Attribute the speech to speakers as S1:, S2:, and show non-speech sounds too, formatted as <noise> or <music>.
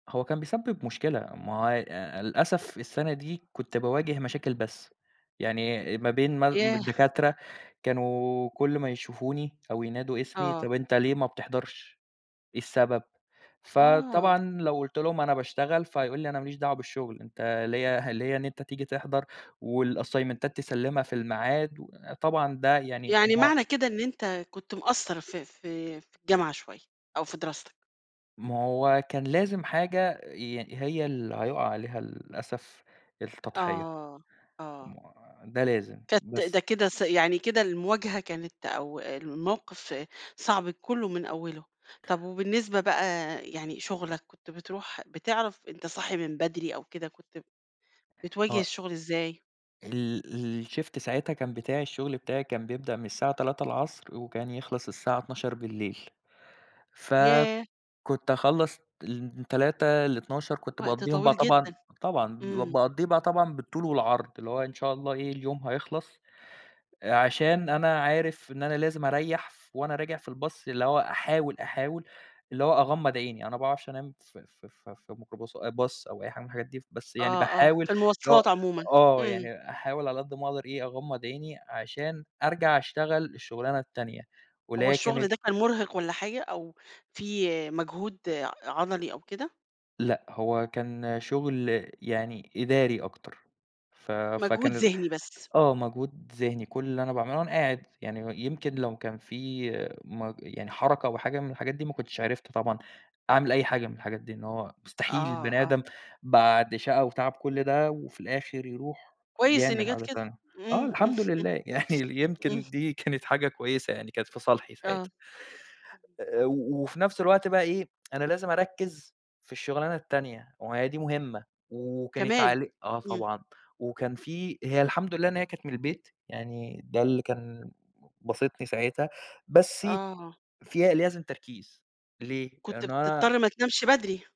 S1: هو كان بيسبب مشكلة، ما هو ي للأسف السنة دي كُنت باواجه مشاكل بس، يعني ما بين مال
S2: ياه!
S1: الدكاترة كانوا كل ما يشوفوني أو ينادوا اسمي،
S2: آه.
S1: طب أنت ليه ما بتحضرش، إيه السبب؟
S2: آه.
S1: فطبعًا لو قُلت لهم أنا باشتغل، فيقول لي أنا ما ليش دعوة بالشغل أنت ليَّ ليَّ إن أنت تيجي تحضر والأسيمنتات تسلِّمها في الميعاد طبعًا ده يعني ما
S2: يعني
S1: هو
S2: معنى كده إن أنت كُنت مقَصّر في في في الجامعة شويّة أو في دراستك؟
S1: ما هو كان لازم حاجة يعني هي اللي هيُقع عليها للأسف التضحية.
S2: آه، آه.
S1: ما ده لازم،
S2: كانت ده
S1: بس
S2: كده ص يعني كده المواجهة كانت أو الموقف صعب كله من أوّله، طب وبالنسبة بقى يعني شُغلك كنت بتروح بتعرف أنت صاحي من بدري أو كده كنت ب بتواجه
S1: آه
S2: الشُّغل إزاي؟
S1: ال ال الشيفت ساعتها كان بتاع الشغل بتاعي كان بيبدأ من الساعة 15:00 وكان يخلص الساعة 00:00 ف
S2: ياه!
S1: كُنت أخَلّص من 15:00 ل00:00 كنت
S2: وقت
S1: باقَضّيهم بقى
S2: طويل
S1: طبعًا
S2: جدًا،
S1: طبعًا
S2: إمم.
S1: باقَضّيه بقى طبعًا بالطول والعرض اللي هو إن شاء الله إيه اليوم هيخلص، عشان أنا عارف إن أنا لازم أرَيّح ف وأنا أراجع في الباص اللي هو أحاول أحاول اللي هو أغمّض عيني، أنا ما باعرفش أنام في في في ميكروباص باص أو أي حاجة من الحاجات دي، بس يعني
S2: آه، آه،
S1: باحاول
S2: في
S1: اللي هو
S2: المواصلات عمومًا.
S1: آه
S2: إمم.
S1: يعني أحاول على قد ما أقدر إيه أغمّض عيني عشان أرجع أشتغل الشغلانة التانية، واللي
S2: هو
S1: هي
S2: الشُّغل
S1: كانت
S2: ده كان مُرهق والّا حاجة؟ أو فيه مجهود عضلي أو كده؟
S1: لأ، هو كان شغل يعني إداري أكتر، ف
S2: مجهود
S1: فكان ال
S2: ذهني بس.
S1: آه مجهود ذهني، كل اللي أنا باعمله وأنا قاعد يعني و يمكن لو كان في مج يعني حركة أو حاجة من الحاجات دي ما كنتش عرفت طبعًا أعمل أي حاجة من الحاجات دي، إن هو مستحيل
S2: آه،
S1: البني
S2: آه.
S1: آدم بعد شقى وتعب كل ده وفي الآخر يروح
S2: كويس إن
S1: يعمل
S2: جات
S1: حاجة
S2: كده.
S1: تانية، آه
S2: إمم، إمم.
S1: الحمد لله يعني ال
S2: إمم.
S1: يمكن دي كانت حاجة كويسة يعني كانت في صالحي
S2: آه.
S1: ساعتها. آآ، وفي نفس الوقت بقى إيه <tsk> أنا لازم أرَكّز في الشغلانة التانية، وما هي دي مُهمة وكانت
S2: كمان؟
S1: عليه آه،
S2: إمم.
S1: طبعًا، وكان في هي الحمد لله أنا هي كانت من البيت يعني ده اللي كان باسطني ساعتها بسّ
S2: آه.
S1: فيها لازم تركيز ليه؟
S2: كنت
S1: لأنه
S2: بتضطر
S1: أنا
S2: ما تنامش بدري.